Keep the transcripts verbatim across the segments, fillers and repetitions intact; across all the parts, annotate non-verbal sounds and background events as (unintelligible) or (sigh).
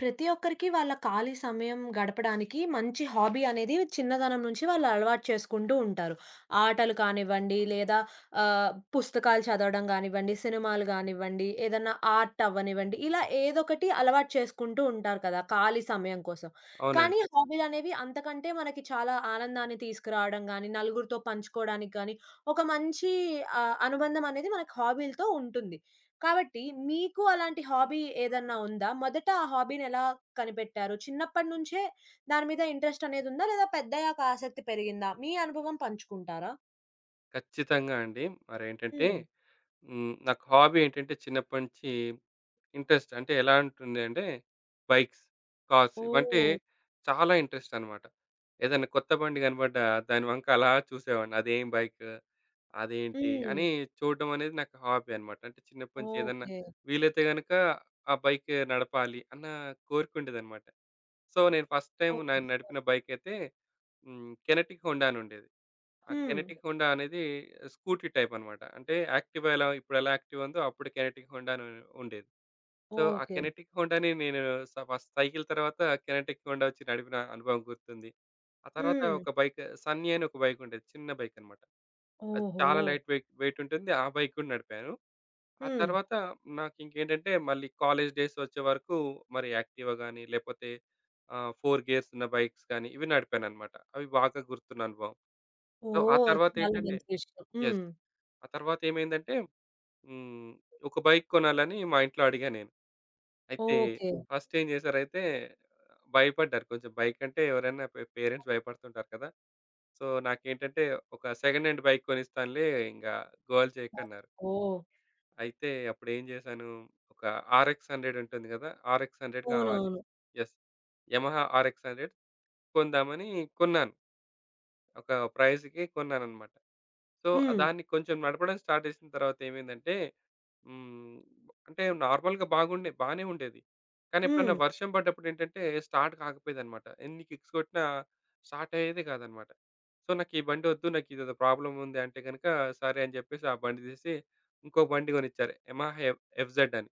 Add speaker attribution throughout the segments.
Speaker 1: ప్రతి ఒక్కరికి, వాళ్ళ ఖాళీ సమయం గడపడానికి మంచి హాబీ అనేది, చిన్నతనం నుంచి వాళ్ళు అలవాటు చేసుకుంటూ ఉంటారు. ఆటలు కానివ్వండి, లేదా ఆహ్, పుస్తకాలు చదవడం గానివ్వండి, సినిమాలు గానివ్వండి, ఏదైనా ఆర్టవ్వనివ్వండి. ఇలా ఏదొకటి అలవాటు చేసుకుంటూ ఉంటారు కదా, ఖాళీ సమయం కోసం. కానీ,
Speaker 2: అవునండి.
Speaker 1: హాబీలనేవి అంతకంటే మనకి చాలా ఆనందాన్ని తీసుకురావడం గాని, నలుగురితో పంచుకోవడానికి గాని, ఒక మంచి ఆహ్, అనుబంధమనేది మనకు హాబీలతో ఉంటుంది. కాబట్టి, మీకు అలాంటి హాబీ ఏదన్నా ఉందా? మొదట ఆ హాబీని ఎలా కనిపెట్టారు? చిన్నప్పటినుంచే దాని మీద ఇంట్రెస్టనేదుందా? లేదా పెద్దయ్యాక ఆశక్తి పెరిగిందా? మీ అనుభవం పంచుకుంటారా?
Speaker 2: ఖచ్చితంగా అండి. మరేంటంటే
Speaker 1: హ్మ్.
Speaker 2: హ్మ్. నాకు హాబీ ఏంటంటే, చిన్నప్పటినుంచి ఇంట్రెస్ట్ అంటే, ఎలా ఉంటుంది అంటే బైక్స్, కార్స్ ఇవంటే
Speaker 1: ఓహ్!
Speaker 2: చాలా ఇంట్రెస్టన్నమాట. ఏదైనా కొత్త బండి కనపడ్డ దాని వంక అలా చూసేవాడిని. అదేం బైకు, అదేంటి అని
Speaker 1: హ్మ్.
Speaker 2: చూడటమనేది నాకు హాబీ అన్నమాట. అంటే చిన్నప్పటినుంచి ఏదన్నా
Speaker 1: ఓకె.
Speaker 2: వీలైతే గనుక ఆ బైక్ నడపాలి అన్న కోరికుండేదనమాట. సో, నేను ఫస్ట్ టైము నేను న
Speaker 1: ఓహోహో!
Speaker 2: నడిపిన బైకైతే హ్మ్, కెనెటిక్ హోండా అనుండేది. ఆ
Speaker 1: హ్మ్.
Speaker 2: కెనెటిక్ హోండా అనేది స్కూటీ టైపన్నమాట. అంటే యాక్టివా ఎలా ఇప్పుడెలా యాక్టివా ఉందో, అప్పుడు కెనెటిక్ హోండా అనుం ఉండేది. సో, ఆ
Speaker 1: ఓకె.
Speaker 2: కెనెటిక్ హోండాని నేను స ఫస్ట్ సైకిల్ తరువాత కెనెటిక్ హోండా ఒచ్చి నడిపిన అనుభవం గుర్తుంది. ఆ తరువాత
Speaker 1: హ్మ్.
Speaker 2: ఒక బైక్ సన్నీ అని ఒక బైకుండేది. చిన్న బైకనమాట. అది చాలా
Speaker 1: ఓహో!
Speaker 2: లైట్ వెయి వెయిటుంటుంది. ఆ బైక్ కూడా నడిపాను. ఆ
Speaker 1: హ్మ్.
Speaker 2: తరువాత నాకింకేంటంటే, మళ్ళీ కాలేజ్ డేస్ వచ్చేవరకు మరి యాక్టివా గాని, లేకపోతే ఆహ్, ఫోర్ గేర్సున్న బైక్స్ గాని ఇవి నడిపానన్నమాట. అవి బాతా గుర్తున్ననుభవం. సో, ఆ
Speaker 1: ఓహ్! చాలా
Speaker 2: తరువాతేంటంటే
Speaker 1: మంచి విషయం. హ్మ్.
Speaker 2: యెస్. ఆ తరువాతేమైందంటే హ్మ్. ఒక బైక్ కొనాలని మా ఇంట్లో అడిగాను నేను. అయితే
Speaker 1: ఓకె.
Speaker 2: ఫస్టేంజేశారైయితే భయపడ్డారు. కొంచెం బైక్ అంటే ఎవరైనా పె పేరెంట్స్ భయపడుతుంటారు కదా! సో, నాకేంటంటే, "ఒక సెకండ్ హాండ్ బైక్ కొనిస్తానులే ఇంక గోల చేయకు"
Speaker 1: ఓహ్!
Speaker 2: అన్నారు.
Speaker 1: ఓహ్!
Speaker 2: అయితే, అప్పుడేం జేశాను ఒక ఆరెక్స్ హండ్రెడ్ ఉంటుంది కదా! ఆరెక్స్ హండ్రెడ్ కావాలి.
Speaker 1: ఊనవును.
Speaker 2: యెస్. యమహా ఆరెక్స్ హండ్రెడ్ కొందామని కొన్నాను. ఒక ప్రైజ్‌కి కొన్నానన్నమాట. సో,
Speaker 1: హ్మ్.
Speaker 2: దాన్ని కొంచెం నడపడం స్టార్ట్ చేసిన తరువాతేమైందంటే హ్మ్. అంటే నార్మల్‌గా బాగుండేది బానే ఉండేది. కానెప్పుడన్నా
Speaker 1: హ్మ్.
Speaker 2: వర్షం పడ్డప్పుడేంటంటే, స్టార్ట్ కాకపోయేదనమాట. ఎన్ని కిక్స్ కొట్టినా స్టార్టయ్యేది కాదన్నమాట. సో, నాకీ బండొద్దు నాకు ఇదేదో ప్రాబ్లముంది అంటే గనుక సరే, అని చెప్పేసి ఆ బండి తీసి, ఇంకో బండి కొనిచ్చారు. యమహా ఎఫ్ ఎఫ్‌జెడ్ అని.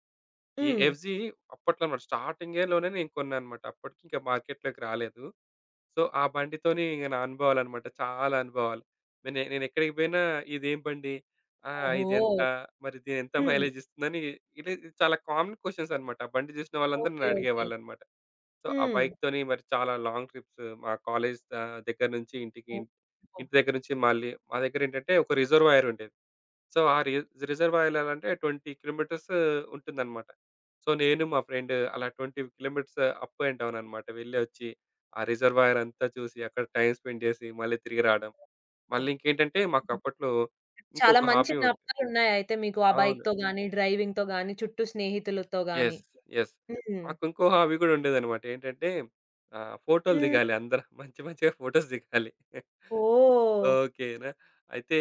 Speaker 2: ఈ
Speaker 1: హ్మ్.
Speaker 2: ఎఫ్‌జీ అప్పట్లో మరి స్టార్టింగ్‌లోనే నేను కొన్నానన్నమాట. అప్పటికి ఇంకా మార్కెట్‌లోకి రాలేదు. సో, ఆ బండితని ఇగ నా అనుభవాలన్నమాట. చాలా అనుభవాలు. నేను నేనెక్కడికి పోయినా ఇదేం బండి ఆహ్,
Speaker 1: ఓహో!
Speaker 2: ఇదెంత? మరి ఇదెంత
Speaker 1: హ్మ్.
Speaker 2: మైలేజ్ ఇస్తుందని ఇది చాలా కామన్ క్వెషన్సనమాట. ఆ బండి చూసిన వాళ్ళందరూ నన్ను
Speaker 1: ఓకె. ఓకె.
Speaker 2: అడిగేవాళ్ళన్నమాట. సో, ఆ
Speaker 1: హ్మ్.
Speaker 2: బైక్ తోని మరి చాలా లాంగ్ ట్రిప్స్ మా కాలేజి దా దగ్గర నుంచి ఇంటికి, ఇంట్
Speaker 1: ఓహో!
Speaker 2: ఇంటి దగ్గర నుంచి మళ్ళీ మా దగ్గరేంటంటే, ఒక రిజర్వాయరుండేది. సో ఆ రి రిజర్వాయర్ ఎలా అంటే ట్వెంటీ కిలోమీటర్స్ ఉంటుందన్నమాట. సో, నేను మా ఫ్రెండు అలా ట్వెంటీ కిలోమీటర్స్ అప్ అండ్ డౌననమాట. వెళ్లి వచ్చి, ఆ రిజర్వాయరంతా చూసి అక్కడ టైమ్ స్పెండ్ చేసి, మళ్ళీ తిరిగి రాడం.
Speaker 1: ఓహ్!
Speaker 2: మళ్ళీ ఇంకేంటంటే, మాకు
Speaker 1: హుహు.
Speaker 2: అప్పట్లో
Speaker 1: చాలా
Speaker 2: ఇంకొక
Speaker 1: మంచి
Speaker 2: హాబీ ఉన్
Speaker 1: జ్ఞాపకాలున్నాయి అయితే మీకు. ఆ
Speaker 2: అవును.
Speaker 1: బైక్‌తో గాని, డ్రైవింగ్‌తో గాని, చుట్టూ స్నేహితులతో గాని.
Speaker 2: Yes, yes.
Speaker 1: హ్మ్.
Speaker 2: మాకు ఇంకో హాబీ కూడా ఉండేదనమాట. ఏంటంటే, ఆహ్, ఫోటోలు
Speaker 1: హ్మ్.
Speaker 2: దిగాలి అందరం. మంచి మంచిగా ఫోటోస్ దిగాలి.
Speaker 1: ఓహ్!
Speaker 2: ఓకేనా! అయితే,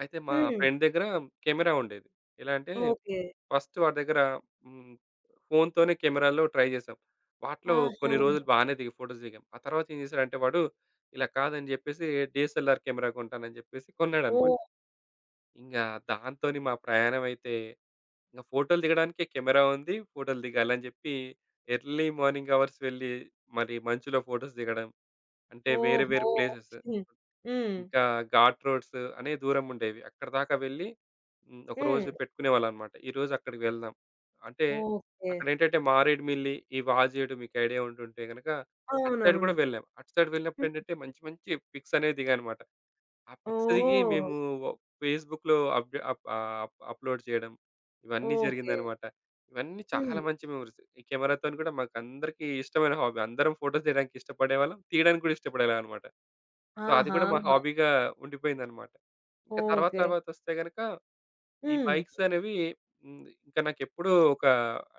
Speaker 2: అయితే మా
Speaker 1: హ్మ్.
Speaker 2: ఫ్రెండ్ దగ్గర కెమెరా ఉండేది. ఎలా అంటే
Speaker 1: ఓకె.
Speaker 2: ఫస్టు వాడి దగ్గర హ్మ్, ఫోనుతోనే కెమెరాలో ట్రై చేసాం. వాటిలో
Speaker 1: ఆహా!
Speaker 2: కొన్ని రోజులు బానే దిగి ఫోటోస్ దిగాం. ఆ తరువాత ఏం చేసాడంటే వాడు ఇలా కాదని జెప్పేసి, డీఎస్ఎల్ఆర్ కెమెరా కొంటానని చెప్పేసి కొన్నాడనమాట.
Speaker 1: ఓహ్!
Speaker 2: ఇంగా దాంతోనే మా ప్రయాణమయితే, ఇంక ఫోటోలు దిగడానికే కెమెరా ఉంది. ఫోటోలు దిగాలని జెప్పి ఎర్లీ మార్నింగ్ అవర్స్ వెళ్లి మరి మంచులో ఫోటోస్ దిగడం. అంటే వేరు,
Speaker 1: ఓహో!
Speaker 2: వేరు ప్లేసెస్.
Speaker 1: (unintelligible) హ్మ్.
Speaker 2: ఇంకా ఘాట్ రోడ్స్ అనే దూరం ఉండేవి. అక్కడిదాకా వెళ్లి హ్మ్. ఒకరోజు
Speaker 1: హ్మ్.
Speaker 2: పెట్టుకునేవాళ్ళన్నమాట. ఈరోజు అక్కడికి వెళ్దాం. అంటే,
Speaker 1: ఓకే.
Speaker 2: అక్కడ ఏంటంటే మారేడుమిల్లి, ఈ వాజేడు మీకు ఐడియా ఉంటుంటే గనక, అటు సైడ్
Speaker 1: అవునవును.
Speaker 2: కూడా వెళ్ళాం. అటు సైడ్
Speaker 1: హుహు.
Speaker 2: వెళ్ళినప్పుడేంటంటే మంచి, మంచి పిక్స్ అనే దిగామన్నమాట. ఆ పిక్స్‌ దిగి
Speaker 1: ఓహ్!
Speaker 2: మేము ఒ ఫేస్‌బుక్‌లో అప్‌డె అప్ ఆ అప్ అప్లోడ్ చేయడం ఇవన్నీ
Speaker 1: ఓకే.
Speaker 2: జరిగిందన్నమాట. ఇవన్నీ చాలా
Speaker 1: హ్మ్.
Speaker 2: మంచి మెమోరీస్. ఈ కెమెరాతోని కూడా, మాకు అందరికీ ఇష్టమైన హాబీ. అందరం ఫోటోస్ దిగడానికి ఇష్టపడేవాళ్ళం. తీయడానికి కూడా ఇష్టపడేవాళ్ళం అన్నమాట. సో, అది కూడా మా
Speaker 1: ఆహాహా!
Speaker 2: హాబీగా ఉండిపోయిందన్నమాట. ఇంక తరువాత,
Speaker 1: ఓకే.
Speaker 2: తరువాత వస్తే గనుక ఈ
Speaker 1: హ్మ్.
Speaker 2: బైక్సనేవి ఇంది ఇంకా నాకెప్పుడూ ఒక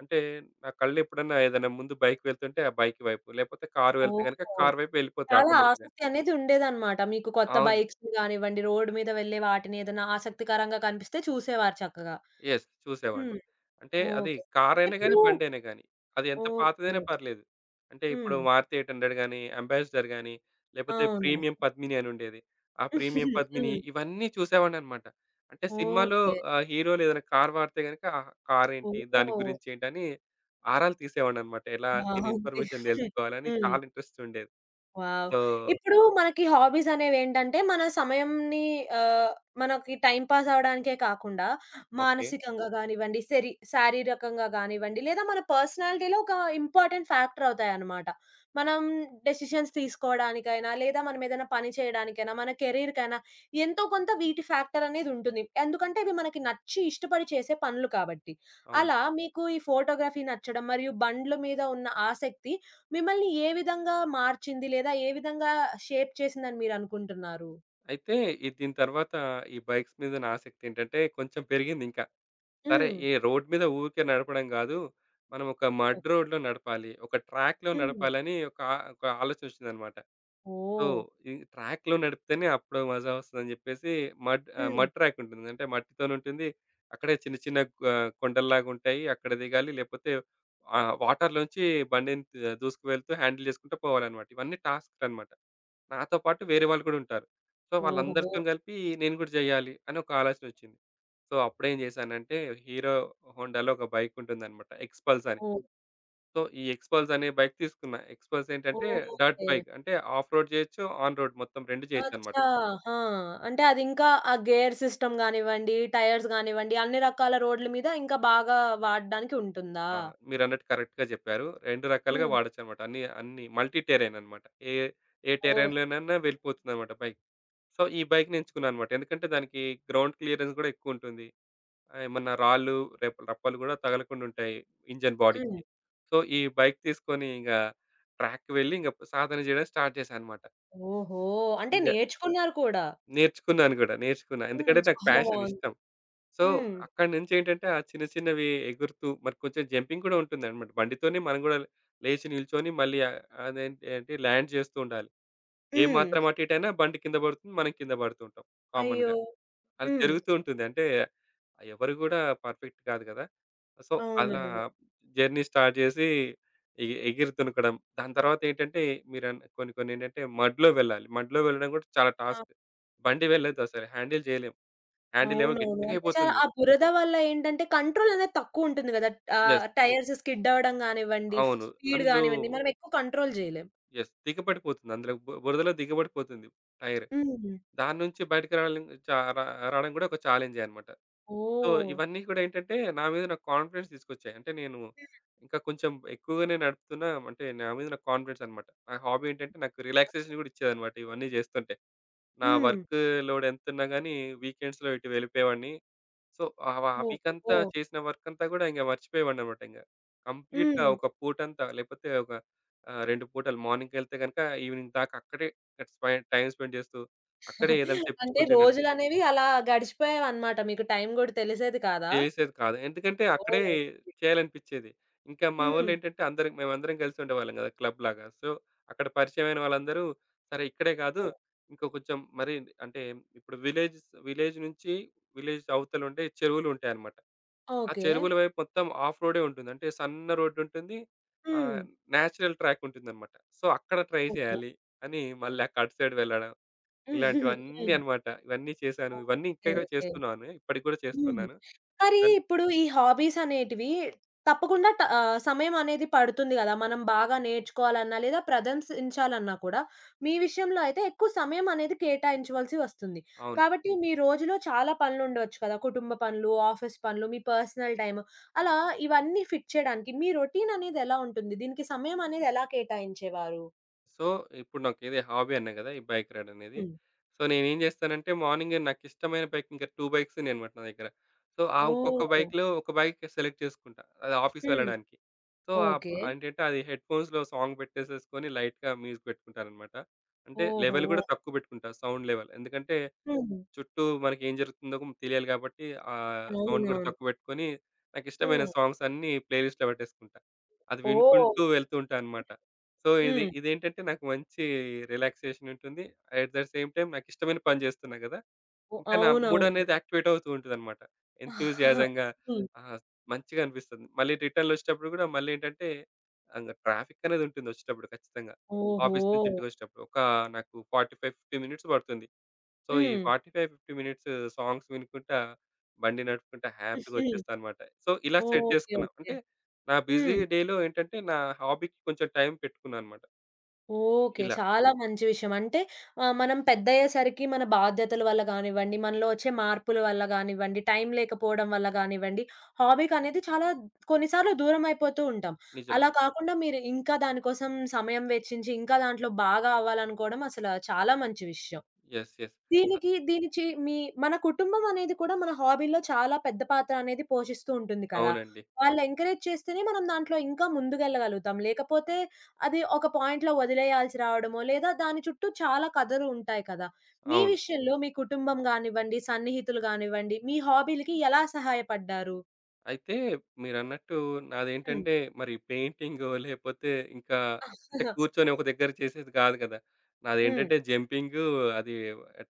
Speaker 2: అంటే నా కళ్ళు ఎప్పుడైనా ఏదైనా ముందు బైకు వెళ్తుంటే, ఆ బైకు వైపు, లేకపోతే కారు వెళ్తే గనక
Speaker 1: ఓహో!
Speaker 2: కార్ వైపు ఎళ్ళిపోతాయి
Speaker 1: చాలా
Speaker 2: ఆటోమేటిక్‌గా.
Speaker 1: ఆసక్తి అనేది ఉండేదన్నమాట. మీకు కొత్త
Speaker 2: అవును.
Speaker 1: బైక్స్ కానివ్వండి, రోడు మీద వెళ్ళే వాటిని ఏదైనా ఆసక్తికరంగా కనిపిస్తే చూసేవారు చక్కగా.
Speaker 2: యెస్. చూసేవాడిని.
Speaker 1: హ్మ్.
Speaker 2: అంటే అది
Speaker 1: ఓకే.
Speaker 2: కారైయినా
Speaker 1: ఇప్పుడు
Speaker 2: గానీ, బండైయినా గానీ అది ఎంత
Speaker 1: ఓకే.
Speaker 2: పాతదైనా
Speaker 1: ఓకే.
Speaker 2: పర్లేదు. అంటే
Speaker 1: హ్మ్.
Speaker 2: ఇప్పుడు మారుతి ఎయిట్ హండ్రెడ్ గానీ, అంబాసిడర్ గానీ, లేకపోతే
Speaker 1: అవును.
Speaker 2: ప్రీమియం పద్మిని అని ఉండేది. ఆ ప్రీమియం
Speaker 1: (giggles)
Speaker 2: పద్మిని
Speaker 1: హ్మ్.
Speaker 2: ఇవన్నీ చూసేవాడినన్నమాట. అంటే సినిమాలో
Speaker 1: ఓకే.
Speaker 2: ఆహ్, హీరోలు ఏదైనా కార్ వాడితే గనక కారేంటి, దాని
Speaker 1: ఓహో!
Speaker 2: గురించేంటని ఆరాలు తీసేవాన్నన్నమాట. ఎలా దీని
Speaker 1: బావుంది.
Speaker 2: ఇన్ఫర్మేషన్ తెలుసుకోవాలని
Speaker 1: హ్మ్.
Speaker 2: చాలా ఇంట్రెస్ట్ ఉండేది.
Speaker 1: వావ్!
Speaker 2: సో
Speaker 1: ఇప్పుడు మనకి హాబీసనేవేంటంటే, మన సమయంని ఆహ్, మనకి టైమ్ పాస్ అవ్వడానికే కాకుండా,
Speaker 2: ఓకే.
Speaker 1: మానసికంగా గానివ్వండి, శరీ శారీరకంగా గానివ్వండి, లేదా మన పర్సనాలిటీలో ఒక ఇంపార్టెంట్ ఫ్యాక్టరవుతాయన్నమాట. మనం డెసిషన్స్ తీసుకోవడానికైనా, లేదా మనం ఏదైనా పని చేయడానికైనా, మన కెరియర్‌కెయినా ఎంతో కొంత వీటి ఫ్యాక్టరనేదుంటుంది. ఎందుకంటే, ఇవి మనకి నచ్చి ఇష్టపడి చేసే పనులు కాబట్టి.
Speaker 2: అవును.
Speaker 1: అలా మీకు ఈ ఫోటోగ్రఫీ నచ్చడం, మరియు బండ్లు మీద ఉన్న ఆసక్తి మిమ్మల్ని ఏ విధంగా మార్చింది? లేదా ఏ విధంగా షేప్ చేసింది అని మీరు అనుకుంటున్నారు?
Speaker 2: అయితే, ఈ దీని తరువాత ఈ బైక్స్ మీద ఉన్న ఆసక్తేంటంటే కొంచెం పెరిగింది ఇంకా. సరే,
Speaker 1: హ్మ్.
Speaker 2: ఈ రోడ్ మీద ఊరికే నడపడం గాదు. మనం ఒక మడ్
Speaker 1: ఓహ్!
Speaker 2: రోడ్‌లో నడపాలి. ఒక ట్రాక్‌లో
Speaker 1: హ్మ్.
Speaker 2: నడపాలని ఒక ఒక ఆలోచనొచ్చిందన్నమాట. సో,
Speaker 1: ఓహ్!
Speaker 2: ఈ ట్రాక్‌లో నడిపితేనే అప్పుడు మజా వస్తదని చెప్పేసి, మడ్ ఆహ్,
Speaker 1: హ్మ్.
Speaker 2: మడ్ ట్రాకుంటుంది. అంటే మట్టితోనే ఉంటుంది. అక్కడే చిన్న, చిన్న ఆహ్, కొండల్లాగా ఉంటాయి. అక్కడ దిగాలి. లేకపోతే ఆ వాటర్‌లో నుంచి బండిని దూసుకువెళ్తూ హ్యాండిల్ చేసుకుంటూ పోవాలన్నమాట. ఇవన్నీ టాస్క్‌లన్నమాట. నాతో పాటు వేరే వాళ్ళు కూడా ఉంటారు. సో, వాళ్ళందరితో
Speaker 1: ఓహో!
Speaker 2: కలిపి నేను కూడా జేయ్యాలి అనొక ఆలోచనొచ్చింది. సో, అప్పుడేం జేశానంటే, హీరో హోండాలో ఒక బైకు ఉంటుందన్నమాట ఎక్స్‌పల్సని.
Speaker 1: ఓహ్!
Speaker 2: సో, ఈ ఎక్స్‌పల్సనే బైకు. ఎక్స్‌పల్స్ ఏంటంటే డర్ట్
Speaker 1: ఓకే.
Speaker 2: బైక్ అంటే ఆఫ్ రోడ్ జేయొచ్చు, ఆన్ రోడ్ మొత్తం రెండు జేయొచ్చన్నమాట.
Speaker 1: అచ్చా! ఆ! అంటే అది ఇంకా ఆ గేర్ సిస్టమ్ గానివ్వండి, టైర్స్ గానివ్వండి, అన్ని రకాల రోడ్ల మీద ఇంకా బాగా వాడ్డానికి ఉంటుందా?
Speaker 2: ఆ! మీరన్నట్టు కరెక్ట్‌గా జెప్పారు. రెండు రకాలుగా
Speaker 1: హ్మ్.
Speaker 2: వాడొచ్చన్నమాట. అన్ని య అన్ని మల్టీ టెర్రెయినన్నమాట. ఏ ఏ
Speaker 1: ఓహ్!
Speaker 2: టెర్రెయిన్‌లోనైనా వెళ్ళిపోతుందన్నమాట బైకు. సో, ఈ బైక్‌నెంచుకున్నానన్నమాట. ఎందుకంటే దానికి గ్రౌండ్ క్లియరెన్స్ కూడా ఎక్కువుంటుంది. ఆహ్, ఏమన్నా రాళ్ళు, రె రప్పలు కూడా తగలకుండుంటాయి ఇంజిన్ బాడీకి.
Speaker 1: హ్మ్.
Speaker 2: సో, ఈ బైకు తీసుకొని, ఇంగా ట్రాక్‌కి వెళ్లి, ఇంగా అప్ సాధన జేయడం స్టార్ట్ జేశానన్నమాట.
Speaker 1: ఓహో! అంటే
Speaker 2: ఇంగా
Speaker 1: నేర్చుకున్నారు కూడా.
Speaker 2: నేర్చుకున్నాను గూడా, నేర్చుకున్నా.
Speaker 1: హ్మ్.
Speaker 2: ఎందుకంటే, నాకు
Speaker 1: చాలా
Speaker 2: ఫ్యాషన్
Speaker 1: బావుంది.
Speaker 2: ఇష్టం. సో,
Speaker 1: హ్మ్.
Speaker 2: అక్కడినుంచేంటంటే ఆ చిన్న, చిన్నవి ఎగురుతూ మరి కొంచెం జంపింగూడా ఉంటుందన్నమాట. బండితోనే మనం కూడా లేచి, నిల్చొని మళ్ళీ అ అదేంటి ఏంటి, ల్యాండ్ జేస్తూ ఉండాలి. ఏ
Speaker 1: హ్మ్.
Speaker 2: మాత్రం అటు, ఇటైయినా బండి కింద పడుతుంది. మనం కింద పడుతూ ఉంటాం
Speaker 1: అయ్యో!
Speaker 2: కామన్‌గా. అది
Speaker 1: హ్మ్.
Speaker 2: జరుగుతూ ఉంటుంది. అంటే, ఎవరు కూడా పర్ఫెక్ట్ కాదు కదా. సో, అలా
Speaker 1: అవునవును.
Speaker 2: జర్నీ జేసి ఎ ఎగిరి తునకడం. దాని తరువాతేంటంటే మీరన్ కొన్ని, కొన్ని ఏంటంటే మడ్‌లో వెళ్ళాలి. మడ్‌లో వెళ్ళడం కూడా చాలా
Speaker 1: ఆ!
Speaker 2: టాస్క్. బండి వెళ్ళలేదు. అసల హ్యాండిల్ జేయలేం. హ్యాండిల్ ఏమో
Speaker 1: అవునవును. అంటే చ
Speaker 2: గట్టిగైయిపోతుంది.
Speaker 1: ఆ బురద వల్ల ఏంటంటే, కంట్రోలనేది తక్కువుంటుంది గదా.
Speaker 2: యెస్.
Speaker 1: ఆహ్, టైర్స్ స్కిడవ్వడం గానివ్వండి,
Speaker 2: అవును
Speaker 1: స్పీడ్
Speaker 2: అందులో
Speaker 1: గానివ్వండి, మనమెక్కువ కంట్రోల్ జేయలేం.
Speaker 2: యెస్ దిగబడిపోతుంది. అందులో బు బురదలో దిగబడిపోతుంది. టైరు.
Speaker 1: హుహుహు.
Speaker 2: దాని నుంచి బయటికి రావలం చ ర రావడం కూడా ఒక చాలెంజే అన్నమాట. So,
Speaker 1: oh!
Speaker 2: ఇవన్నీ కూడా ఏంటంటే, నా మీద నాకు కాన్ఫిడెన్స్ తీసుకొచ్చాయి. అంటే నేను
Speaker 1: హ్మ్.
Speaker 2: ఇంకా కొంచెం ఎక్కువగానే నడుపుతున్నా అంటే, నా మీద నాకు కాన్ఫిడెన్సన్నమాట. నా హాబీ ఏంటంటే, నాకు రిలాక్సేషన్ కూడా ఇచ్చేదన్నమాట. ఇవన్నీ చేస్తుంటే. నా
Speaker 1: హ్మ్.
Speaker 2: వర్కు లోడెంతన్నా గానీ వీకెండ్స్‌లో ఇటు వెళ్ళిపోయేవాడిని. సో, ఆ వా ఆ
Speaker 1: ఓహో!
Speaker 2: వీకంతా
Speaker 1: ఓహ్!
Speaker 2: చేసిన వర్కంతా కూడా మర్చిపోయేవాడినన్నమాట ఇంక. కంప్లీట్‌గా
Speaker 1: హ్మ్.
Speaker 2: ఒక పూటంతా, లేకపోతే ఒక ఆహ్, రెండు పూటలు. మార్నింగ్‌కెళ్తే గనక ఈవెనింగ్ దాకా అక్కడే స్పై టైమ్ స్పెండ్ చేస్తూ, అక్కడే ఏదైనా
Speaker 1: (chuckles) అంటే
Speaker 2: తెప్పించుకొని తినడం.
Speaker 1: రోజులనేవి అలా గడిచిపోయేవన్నమాట. మీకు టైం గూడా తెలిసేది కాదా?
Speaker 2: చేసేది కాదు. ఎందుకంటే, అక్కడే
Speaker 1: ఓకే.
Speaker 2: చేయాలనిపిచ్చేది. ఇంకా మా
Speaker 1: హ్మ్.
Speaker 2: వోళ్ళేంటంటే అందరం మేమందరం గలిసి ఉండేవాళ్ళం గదా క్లబ్ లాగా. సో, అక్కడ పరిచయం అయిన వాళ్ళందరూ, సరే, ఇక్కడే కాదు.
Speaker 1: ఓహ్!
Speaker 2: ఇంకా కొంచెం మరి అంటే ఇప్పుడు విలేజ్స్, విలేజ్ నుంచి విలేజ్ అవతల ఉండే చెరువులుంటాయన్నమాట. ఆ
Speaker 1: ఓకే.
Speaker 2: చెరువుల వైపు మొత్తం హాఫ్ రోడే ఉంటుంది. అంటే సన్న రోడుంటుంది. Ah,
Speaker 1: hmm.
Speaker 2: నాచురల్ ట్రాకుంటుందన్నమాట. సో, అక్కడ ట్రై
Speaker 1: ఓహో!
Speaker 2: చేయాలి అని, మళ్ళీ క అటు సైడ్ వెళ్లడం,
Speaker 1: (chuckles)
Speaker 2: ఇలాంటివన్నీ
Speaker 1: హ్మ్.
Speaker 2: అన్నమాట. ఇవన్నీ చేశాను. ఇవన్నీ ఇంకా
Speaker 1: ఓకే.
Speaker 2: ఇక
Speaker 1: ఓకే.
Speaker 2: చేస్తున్నాను. ఇప్పటికి కూడా
Speaker 1: హ్మ్.
Speaker 2: చేస్తున్నాను.
Speaker 1: మరి
Speaker 2: కన్
Speaker 1: ఇప్పుడు, ఈ హాబీసనేటివి తప్పకుండా ట ఆహ్, సమయమనేది పడుతుంది గదా. మనం బాగా నేర్చుకోవాలన్నా, లేదా ప్రదంసించాలన్నా కూడా మీ విషయంలో అయితే ఎక్కువ సమయమనేది కేటాయించవలసి వస్తుంది.
Speaker 2: అవును.
Speaker 1: కాబట్టి మీ రోజులో చాలా పనులు ఉండొచ్చు కదా. కుటుంబ పనులు, ఆఫీస్ పనులు, మీ పర్సనల్ టైము, అలా ఇవన్నీ ఫిట్ చేయడానికి మీ రొటీననేది ఎలా ఉంటుంది? దీనికి సమయమనేది ఎలా కేటాయించేవారు?
Speaker 2: సో, ఇప్పుడు నాకిదీ హాబీ అన్నా కదా! ఈ బైక్ రైడ్ అనేది.
Speaker 1: హ్మ్.
Speaker 2: సో, నేనేం జేస్తానంటే మార్నింగే నాకిష్టమైన బైక్ ఇంకా టూ బైక్స్ ఉన్నాయనమాట నా దగ్గర. సో, ఆ ఒక్కొక్క
Speaker 1: ఓహ్!
Speaker 2: బైకులో ఒక బైక్ సెలెక్ట్ చేసుకుంటా, అది ఆఫీస్‌
Speaker 1: హ్మ్.
Speaker 2: వెళ్లడానికి. సో, ఆ
Speaker 1: ఓకే.
Speaker 2: బండెంటంటే అది హెడ్‌ఫోన్స్‌లో సాంగ్ పెట్టేసేసుకొని లైట్‌గా మ్యూజిక్ పెట్టుకుంటాననమాట. అంటే, లెవెల్
Speaker 1: ఓహో!
Speaker 2: గూడా తక్కువ పెట్టుకుంటా సౌండ్ లెవెల్. ఎందుకంటే,
Speaker 1: హ్మ్.
Speaker 2: చుట్టూ మనకేం జరుగుతుందో తెలియాలి గాబట్టి ఆ! సౌండ్ గూడా
Speaker 1: అవునవును.
Speaker 2: తక్కువ పెట్టుకొని నాకిష్టమైన
Speaker 1: హ్మ్.
Speaker 2: సాంగ్స్ అన్నీ ప్లేలిస్ట్‌లో పెట్టేసుకుంటా. అది
Speaker 1: ఓహ్!
Speaker 2: వినుకుంటూ వెళ్తూ ఉంటా అనమాట. సో, ఇది
Speaker 1: హ్మ్.
Speaker 2: ఇదేంటంటే నాకు మంచి రిలాక్సేషన్ ఉంటుంది. అట్ ద సేమ్ టైమ్ నాకిష్టమైన పని జేస్తున్నా గదా!
Speaker 1: ఓహ్!
Speaker 2: ఇంకా నా మూడ్
Speaker 1: అవునవును.
Speaker 2: అనేది యాక్టివేట్ అవుతూ ఉంటదనమాట.
Speaker 1: (giggles)
Speaker 2: ఎంతూసియాజం‌గా
Speaker 1: హ్మ్.
Speaker 2: ఆ! మంచిగా అనిపిస్తుంది. మళ్ళీ రిటర్న్‌లో ఒచ్చేటప్పుడు కూడా మళ్ళీ ఏంటంటే అంగా ట్రాఫిక్ అనేది ఉంటుంది ఒచ్చేటప్పుడు ఖచ్చితంగా ఆఫీస్ నుంచి
Speaker 1: ఓహో!
Speaker 2: ఇంటికొచ్చేటప్పుడు. ఒకా నాకు ఫార్టీ ఫైవ్ ఫిఫ్టీ మినిట్స్ పడుతుంది. సో, ఈ
Speaker 1: hmm.
Speaker 2: Forty five fifty minutes songs వినుకుంటా, బండి నడుపుకుంటా, హ్యాపీ‌గా
Speaker 1: (giggles)
Speaker 2: ఒచ్చేస్తాను మాట. సో, ఇలా
Speaker 1: ఓహ్!
Speaker 2: సెట్
Speaker 1: ఓకే,
Speaker 2: జేసుకున్నా.
Speaker 1: ఓకే.
Speaker 2: అంటే, నా
Speaker 1: హ్మ్.
Speaker 2: బిజీ డేలో ఏంటంటే నా హాబీకి కొంచెం టైం పెట్టుకున్నాననమాట.
Speaker 1: ఓకే.
Speaker 2: ఇలా.
Speaker 1: చాలా మంచి విషయం. అంటే, ఆ! మనం పెద్దయ్యేసరికి మన బాధ్యతల వల్ల గానివ్వండి, మనలో వచ్చే మార్పుల వల్ల గానివ్వండి, టైం లేకపోవడం వల్ల గానివ్వండి, హాబీకనేది చాలా కొన్ని సార్లు దూరమయిపోతూ ఉంటాం.
Speaker 2: నిజమే.
Speaker 1: అలా కాకుండా మీరు ఇంకా దాని కోసం సమయం వెచ్చించి ఇంకా దాంట్లో బాగా అవ్వాలనుకోవడం అసలా చాలా మంచి విషయం.
Speaker 2: యెస్. యెస్.
Speaker 1: దీనికి దీనిచి మీ మన కుటుంబమనేది కూడా మన హాబీలో చాలా పెద్ద పాత్ర అనేది పోషిస్తూ ఉంటుంది కదా!
Speaker 2: అవునండి.
Speaker 1: వాళ్ళు ఎంకరేజ్ చేస్తేనే మనం దాంట్లో ఇంకా ముందుకెళ్ళగలుగుతాం. లేకపోతే, అది ఒక పాయింట్‌లో వదిలేయాల్సి రావడమో, లేదా దాని చుట్టూ చాలా కథలు ఉంటాయి కదా! మీ
Speaker 2: అవును.
Speaker 1: విషయంలో మీ కుటుంబం గానివ్వండి, సన్నిహితులు గానివ్వండి, మీ హాబీలకి ఎలా సహాయపడ్డారు?
Speaker 2: అయితే మీరన్నట్టు
Speaker 1: హ్మ్.
Speaker 2: నాదేంటంటే మరి పెయింటింగో, లేకపోతే ఇంకా,
Speaker 1: ఆ!
Speaker 2: అంటే
Speaker 1: అహా!
Speaker 2: కూర్చొని ఒక దగ్గర చేసేది కాదు గదా!
Speaker 1: హ్మ్.
Speaker 2: నాదేంటంటే జంపింగ్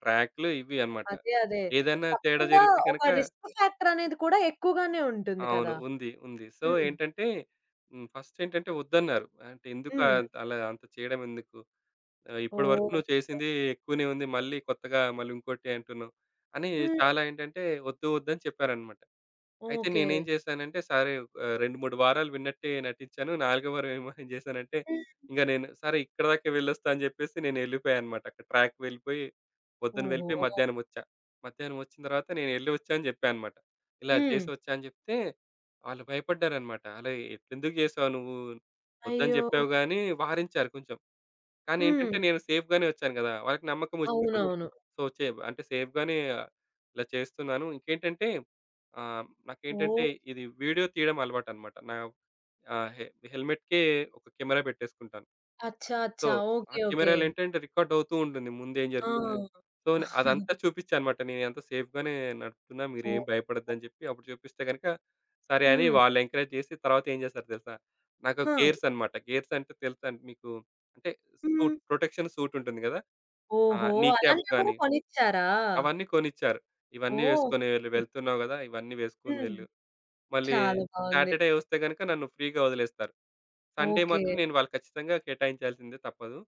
Speaker 2: ట్రాక్లు ఇవి అనమాట.
Speaker 1: అదే అదే.
Speaker 2: ఏదైనా తేడా
Speaker 1: తప్పకుండా
Speaker 2: జరిగితే గనుక
Speaker 1: ఒక రిస్క్ ఫ్యాక్టర్ అనేది కూడా ఎక్కువగానే ఉంటుంది
Speaker 2: అవును,
Speaker 1: కదా!
Speaker 2: ఉంది ఉంది. సో,
Speaker 1: హ్మ్.
Speaker 2: ఏంటంటే హ్మ్ ఫస్టేంటంటే వద్దన్నారు. అంటే "ఎందుకు
Speaker 1: హ్మ్.
Speaker 2: అలా అంత చేయడం? ఎందుకు ఆహ్, ఇప్పటి వరకు
Speaker 1: ఓహ్!
Speaker 2: నువ్వు చేసింది ఎక్కువనే ఉంది. మళ్ళీ కొత్తగా మళ్ళీ ఇంకోటి అంటున్నావ్" అని
Speaker 1: హ్మ్.
Speaker 2: చాలా ఏంటంటే వద్దు వద్దు అని చెప్పారన్నమాట. అయితే
Speaker 1: ఓకే.
Speaker 2: నేనేం చేశానంటే సరే ఆహ్, రెండు మూడు వారాలు విన్నట్టే నటించాను. నాలుగోవారం ఏమో (giggles) చేశానంటే
Speaker 1: హ్మ్.
Speaker 2: ఇంక నేను సరే ఇక్కడిదాకా వెళ్లి వస్తా అని జెప్పేసి నేనెళ్ళిపోయానన్నమాట. అక్కడ ట్రాక్‌కి వెళ్ళిపోయి, పొద్దున వెళ్ళిపోయి
Speaker 1: ఓహో!
Speaker 2: మధ్యాహ్నం వచ్చా. మధ్యాహ్నం వచ్చిన తరువాత నేను వెళ్లి వచ్చాను అని చెప్పాను అనమాట. ఇలా చేసి
Speaker 1: హ్మ్.
Speaker 2: వచ్చాను అని చెప్తే వాళ్ళు భయపడ్డారన్నమాట. "అలా ఎందుకు జేసావు నువ్వు?" వద్దని
Speaker 1: అయ్యో!
Speaker 2: చెప్పావు గాని వారించారు కొంచెం. కానీ ఏంటంటే
Speaker 1: హ్మ్.
Speaker 2: నేను సేఫ్‌గానే వచ్చాను గదా! వాళ్ళకి నమ్మకం వచ్చింది కొంచెం.
Speaker 1: అవునవును.
Speaker 2: సో, చేవ్ అంటే సేఫ్‌గానే ఇలా చేస్తున్నాను. ఇంకేంటంటే ఆహ్, నాకేంటంటే
Speaker 1: ఓహ్!
Speaker 2: ఇది వీడియో తీయడం అలవాటన్నమాట. నా ఆహ్, హెల్మెట్‌కె ఒక కెమెరా పెట్టేసుకుంటాను.
Speaker 1: అచ్చా!
Speaker 2: సో
Speaker 1: అచ్చా!
Speaker 2: ఆ
Speaker 1: ఓకే, ఓకే.
Speaker 2: కెమెరాలో ఏంటంటే రికార్డ్ అవుతూ ఉంటుంది. ముందు ఏం
Speaker 1: ఆ!
Speaker 2: జరుగుతుంది. సో
Speaker 1: (chuckles)
Speaker 2: అదంతా చూపించానన్నమాట. నేనంతా సేఫ్‌గానే నడుపుతున్నా, మీరేం
Speaker 1: ఓహ్!
Speaker 2: భయపడొద్దు అని జెప్పి అప్పుడు చూపిస్తే గనక సరే అని
Speaker 1: హ్మ్.
Speaker 2: వాళ్ళు ఎంకరేజ్ చేసి తరువాత ఏం చేస్తారో తెలుసా? నాకు
Speaker 1: హ!
Speaker 2: గేర్సన్నమాట. గేర్సంటే తెలుసా మీకు? అంటే సూట్‌,
Speaker 1: హ్మ్.
Speaker 2: ప్రొటెక్షన్ సూట్ ఉంటుంది గదా! ఆహ్,
Speaker 1: ఓహో!
Speaker 2: నీ క్యాప్స్
Speaker 1: అలాంటివి కూడా
Speaker 2: గాని
Speaker 1: కొనిచ్చారా?
Speaker 2: అవన్నీ కొనిచ్చారు. ఇవన్నీ
Speaker 1: ఓహ్!
Speaker 2: వేసుకుని వెళ్ళు. వెళ్తున్నావు గదా! ఇవన్నీ వేసుకొని
Speaker 1: హ్మ్.
Speaker 2: వెళ్ళు. మళ్ళీ
Speaker 1: చాలా బావుంది.
Speaker 2: సాటర్డే వస్తే గనుక నన్ను ఫ్రీగా వదిలేస్తారు. Sunday
Speaker 1: okay.
Speaker 2: మాత్రం నేను వాళ్ళకి ఖచ్చితంగా కేటాయించాల్సిందే తప్పదు.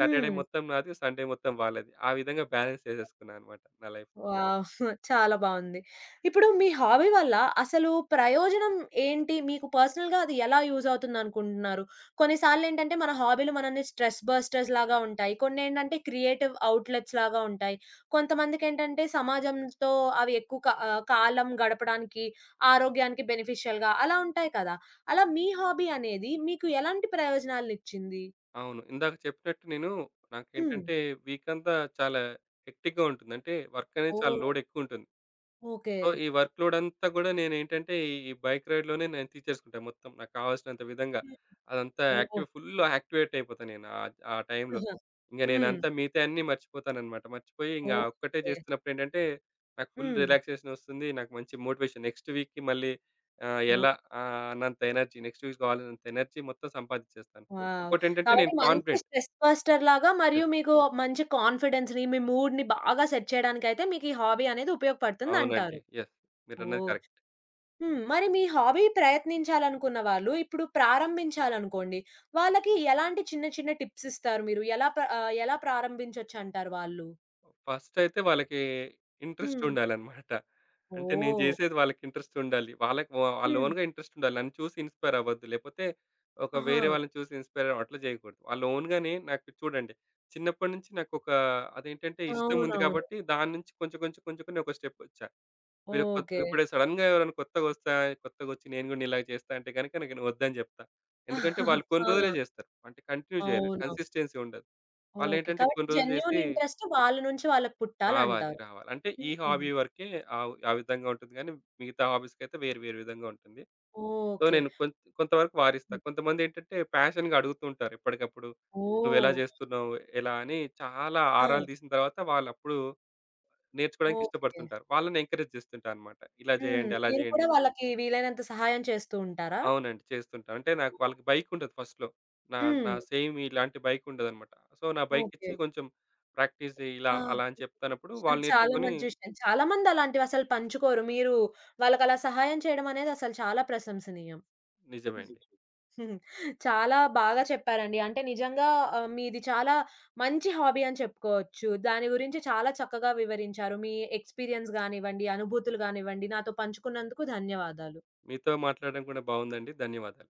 Speaker 2: సాటర్డే
Speaker 1: హ్మ్.
Speaker 2: మొత్తం నాది, సండే మొత్తం వాళ్ళది. ఆ విధంగా బాలన్స్ చేసేసుకున్నానన్నమాట నా లైఫు.
Speaker 1: వావ్! (chuckles) చాలా బావుంది. ఇప్పుడు మీ హాబీ వల్ల అసలు ప్రయోజనం ఏంటి? మీకు పర్సనల్‌గా అది ఎలా యూజ్ అవుతుంది అనుకుంటున్నారు? కొన్ని సార్లేటంటే మన హాబీలు మనల్ని స్ట్రెస్ బస్టర్స్‌లాగా ఉంటాయి. కొన్నేంటంటే క్రియేటివ్ ఔట్లెట్స్‌లాగా ఉంటాయి. కొంతమందికేంటంటే సమాజంతో అవి ఎక్కువ కాలం గడపడానికి, ఆరోగ్యానికి బెనిఫిషియల్‌గా అలా ఉంటాయి కదా! అలా మీ హాబీ అనేది మీకు ఎలాంటి ప్రయోజనాలు ఇచ్చింది?
Speaker 2: అవును. ఇందాక చెప్పినట్టు నేను
Speaker 1: హ్మ్.
Speaker 2: నాకేంటంటే వీకంతా చాలా హెక్టిక్‌గా ఉంటుంది. అంటే వర్కనేది చాలా
Speaker 1: ఓహ్!
Speaker 2: లోడ్ ఎక్కువుంటుంది.
Speaker 1: ఓకే.
Speaker 2: సో ఈ వర్క్‌ లోడంతా గూడా నేనేంటంటే ఈ బైక్ రైడ్‌లోనే నేను తీర్చేసుకుంటా మొత్తం. నాకు కావాల్సినంత విధంగా అదంతా
Speaker 1: ఓహో!
Speaker 2: యాక్టివ్‌ఫుల్‌గా యాక్టివేట్ అయిపోతాను నేను. ఆహ్, ఆ టైమ్‌లో.
Speaker 1: (chuckles)
Speaker 2: ఇంగ
Speaker 1: హ్మ్.
Speaker 2: నేనంతా మిగతాయన్నీ మర్చిపోతానన్నమాట. మర్చిపోయి ఇంగ ఒక్కటే
Speaker 1: ఓకే.
Speaker 2: చేస్తున్నప్పుడు ఏంటంటే నాకు ఫుల్
Speaker 1: హ్మ్.
Speaker 2: రిలాక్సేషన్ వస్తుంది. నాకు మంచి మోటివేషన్. నెక్స్ట్ వీక్‌కి మళ్ళీ ఆహ్,
Speaker 1: ఓహ్!
Speaker 2: ఎలా ఆహ్, అన్నంత ఎనర్జీ, నెక్స్ట్ వీక్ కావాలన్నంత ఎనర్జీ మొత్తం సంపాదించేస్తాను.
Speaker 1: వావ్!
Speaker 2: ఇంకోటెంటంటే
Speaker 1: కాబట్టి
Speaker 2: నేను
Speaker 1: మంచి
Speaker 2: కాన్ఫిడెంట్.
Speaker 1: Stress బస్టర్‌లాగా
Speaker 2: yes.
Speaker 1: మరియు మీకు మంచి కాన్ఫిడెన్స్‌ని మీ మూడ్‌ని బాగా సెట్ చేయడానికి అయితే మీకు ఈ హాబీ అనేది ఉపయోగపడుతుంది అంటారు.
Speaker 2: అవునండి. యెస్. మీరన్నది
Speaker 1: ఓహ్!
Speaker 2: కరెక్ట్.
Speaker 1: హ్మ్. మరి మీ హాబీని ప్రయత్నించాలనుకున్న వాళ్ళు ఇప్పుడు ప్రారంభించాలనుకోండి, వాళ్ళకి ఎలాంటి చిన్న చిన్న టిప్సిస్తారు మీరు? ఎలా ఎలా ప్రారంభించొచ్చు అంటారు వాళ్ళు?
Speaker 2: ఫస్టయితే వాళ్ళకి
Speaker 1: హ్మ్.
Speaker 2: ఇంట్రెస్టుండాలన్నమాట. అంటే నేను
Speaker 1: ఓహ్!
Speaker 2: చేసేది వాళ్ళకి ఇంట్రెస్టుండాలి. వాళ్ళకి వా వాళ్ళ
Speaker 1: హ్మ్.
Speaker 2: ఓన్‌గా ఇంట్రెస్టుండాలి. నన్ను చూసి ఇన్‌‌‌స్పైర్ అవ్వద్దు. లేపోతే ఒక వేరే
Speaker 1: ఆహా!
Speaker 2: వాళ్ళని చూసి ఇన్‌‌‌స్పైర్ అట్లా చేయకూడదు. వాళ్ళ ఓన్‌గానే నాకు చూడండి. చిన్నప్పటి నుంచి నాకు ఒక అదేంటంటే ఇష్టం ఉంది
Speaker 1: అవునవును.
Speaker 2: కాబట్టి దాన్నుంచి కొంచెం కొంచెం కొంచెం కొన్ని ఒక స్టెపొచ్చా. వేరే కొత్త
Speaker 1: ఓకె.
Speaker 2: ఇప్పుడు సడెన్‌గా ఎవరైనా కొత్తగోచ్చాయి కొత్తగా వచ్చి నేను కూడా నీలాగా చేస్తా అంటే గనక నేను వద్దని చెప్తా. ఎందుకంటే వాళ్ళు
Speaker 1: (chuckles)
Speaker 2: కొన్ని రోజులే
Speaker 1: ఆ!
Speaker 2: చేస్తారు. అంటే కంటిన్యూ చెయ్యరు.
Speaker 1: అవునా?
Speaker 2: కన్సిస్టెన్సీ ఉండదు.
Speaker 1: ఓకె.
Speaker 2: వాళ్ళేంటంటే
Speaker 1: కాబట్టి
Speaker 2: కొన్ని రోజులు
Speaker 1: జెన్యూన్
Speaker 2: చేసి
Speaker 1: ఇంట్రెస్ట్ వాళ్ళ నుంచి వాళ్ళకి
Speaker 2: రావాలి.
Speaker 1: పుట్టాలంటారు.
Speaker 2: రావాలి. అంటే ఈ
Speaker 1: హుహు.
Speaker 2: హాబీ వరకే ఆవ్ ఆ విధంగా ఉంటుంది గానీ, మిగతా హాబీస్‌కైతే వేరు, వేరు విధంగా ఉంటుంది. So,
Speaker 1: okay.
Speaker 2: నేను కొం కొంత వరకు వారిస్తా.
Speaker 1: హ్మ్.
Speaker 2: కొంతమంది ఏంటంటే, పాషన్‌గా అడుగుతూ ఉంటారు, ఎప్పటికప్పుడు నువ్వు ఎలా
Speaker 1: ఓహ్!
Speaker 2: చేస్తున్నావు, ఎలా అని, చాలా
Speaker 1: ఆ!
Speaker 2: ఆరాలు తీసిన తరువాత వాళ్లప్పుడు నేర్చుకోవడానికి
Speaker 1: ఓకె.
Speaker 2: ఇష్టపడుతుంటారు. వాళ్ళని ఎంకరేజ్ చేస్తుంటారన్నమాట. ఇలా
Speaker 1: హ్మ్.
Speaker 2: చేయండి, అలా
Speaker 1: మీరు కూడా
Speaker 2: చేయండి.
Speaker 1: వాళ్ళకి వీలైనంత సహాయం చేస్తూ ఉంటారా?
Speaker 2: అవునండి. చేస్తుంటా. అంటే నాక్ వాళ్ళకి బైకుండదు ఫస్ట్‌లో నా నా
Speaker 1: హ్మ్.
Speaker 2: సేమ్ ఇలాంటి బైకుండదన్నమాట. సో, నా
Speaker 1: ఓకె.
Speaker 2: బైకిచ్చి కొంచెం ప్రాక్టీస్ చెయ్యి, ఇలా,
Speaker 1: ఆ!
Speaker 2: అలా అని చెప్తున్నప్పుడు
Speaker 1: చ
Speaker 2: వాళ్ళు
Speaker 1: చాలా
Speaker 2: నేర్చుకొని
Speaker 1: మంచి విషయం. చాలా మంది అలాంటివసలు పంచుకోరు. మీరు వాళ్ళకి అలా సహాయం చేయడం అనేది అసలు చాలా ప్రశంసనీయం.
Speaker 2: నిజమే అండి.
Speaker 1: (giggles) చాలా బాగా చెప్పారండి. అంటే నిజంగా ఆహ్, మీది చాలా మంచి హాబీ అని చెప్పుకోవచ్చు. దాని గురించి చాలా చక్కగా వివరించారు. మీ ఎక్స్‌పీరియన్స్ గానివ్వండి, అనుభూతులు గానివ్వండి నాతో పంచుకున్నందుకు ధన్యవాదాలు.
Speaker 2: మీతో మాట్లాడడం కూడా బావుందండి. ధన్యవాదాలు.